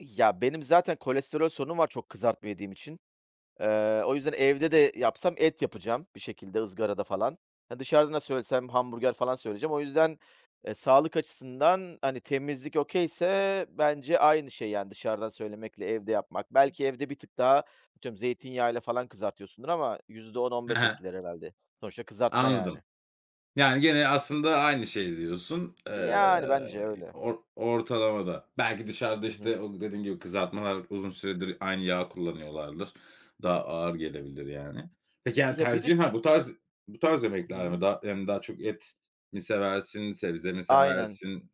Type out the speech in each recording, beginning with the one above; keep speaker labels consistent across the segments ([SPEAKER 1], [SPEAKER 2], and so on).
[SPEAKER 1] Ya, benim zaten kolesterol sorunum var çok kızartma yediğim için. Eee, o yüzden evde de yapsam et yapacağım bir şekilde ızgarada falan. Ha, dışarıdan da söylesem hamburger falan söyleyeceğim. O yüzden, eee, sağlık açısından, hani, temizlik okay'se bence aynı şey, yani, dışarıdan söylemekle evde yapmak. Belki evde bir tık daha atıyorum zeytinyağıyla falan kızartıyorsundur ama yüzde on on
[SPEAKER 2] He
[SPEAKER 1] beş
[SPEAKER 2] he.
[SPEAKER 1] etkiler herhâlde. Sonuçta kızartma,
[SPEAKER 2] Anladım.
[SPEAKER 1] yani.
[SPEAKER 2] Yani, gene aslında aynı şeyi diyorsun.
[SPEAKER 1] Yani, bence
[SPEAKER 2] Eee,
[SPEAKER 1] öyle.
[SPEAKER 2] or ortalamada. Belki dışarıda,
[SPEAKER 1] Hı hı.
[SPEAKER 2] işte, o dediğin gibi kızartmalar uzun süredir aynı yağı kullanıyorlardır. Daha ağır gelebilir, yani. Peki, hani,
[SPEAKER 1] Ya bir de
[SPEAKER 2] tercihin ha
[SPEAKER 1] ş
[SPEAKER 2] bu tarz bu tarz
[SPEAKER 1] Hı
[SPEAKER 2] yemekler
[SPEAKER 1] hı.
[SPEAKER 2] mi? Daha hem daha çok et mi seversin, sebze mi
[SPEAKER 1] Aynen.
[SPEAKER 2] seversin?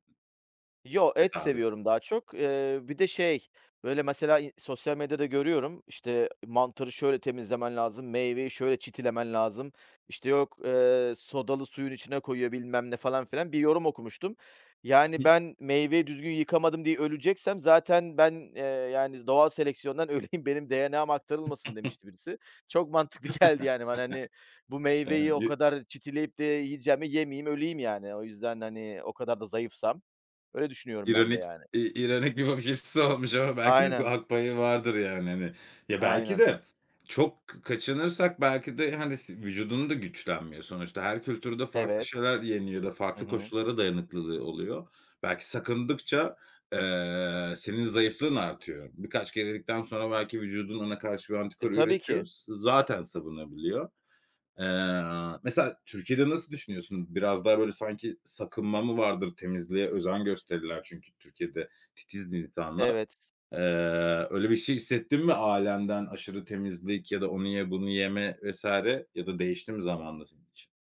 [SPEAKER 1] Yo, et
[SPEAKER 2] Et ağırlık
[SPEAKER 1] seviyorum daha çok. Eee, bir de şey, böyle, mesela, i sosyal medyada görüyorum, işte, mantarı şöyle temizlemen lazım, meyveyi şöyle çitilemen lazım, işte, yok, eee, sodalı suyun içine koyuyor, bilmem ne, falan filan. Bir yorum okumuştum.
[SPEAKER 2] Hı
[SPEAKER 1] "Yani,
[SPEAKER 2] hı.
[SPEAKER 1] ben meyveyi düzgün yıkamadım diye öleceksem zaten ben, eee, yani, doğal seleksiyondan öleyim, benim DNA'm aktarılmasın." demişti birisi. Çok mantıklı geldi, yani, bana, hani, bu meyveyi o
[SPEAKER 2] [unintelligible]
[SPEAKER 1] kadar çitileyip de yiyeceğime yemeyeyim, öleyim yani. O yüzden, hani, o kadar da zayıfsam. Öyle düşünüyorum ben de,
[SPEAKER 2] İronik,
[SPEAKER 1] yani.
[SPEAKER 2] iii, ironik bir bakış açısı olmuş ama belki ha
[SPEAKER 1] Aynen.
[SPEAKER 2] haklı payı vardır, yani, hani. Ya, belki
[SPEAKER 1] Aynen.
[SPEAKER 2] de çok k kaçınırsak belki de, hani, si vücudun da güçlenmiyor. Sonuçta her kültürde farklı
[SPEAKER 1] Evet.
[SPEAKER 2] şeyler yeniyor ya da
[SPEAKER 1] Hı
[SPEAKER 2] farklı
[SPEAKER 1] hı.
[SPEAKER 2] koşullara dayanıklılığı oluyor. Belki sakındıkça, eee, senin zayıflığın artıyor. Birkaç kere yedikten sonra belki vücudun ona karşı bir
[SPEAKER 1] E,
[SPEAKER 2] antikor
[SPEAKER 1] tabii
[SPEAKER 2] üretiyor.
[SPEAKER 1] ki.
[SPEAKER 2] S zaten savunabiliyor. Eee, mesela Türkiye'de nasıl düşünüyorsun? Biraz daha, böyle, sanki sakınma mı vardır? Temizliğe özen gösterirler çünkü Türkiye'de titizdir insanlar.
[SPEAKER 1] Evet.
[SPEAKER 2] Eee, öyle bir şey hissettin mi ailenden aşırı temizlik ya da onu ye, bunu yeme vs. ya da değişti mi zamanla senin için?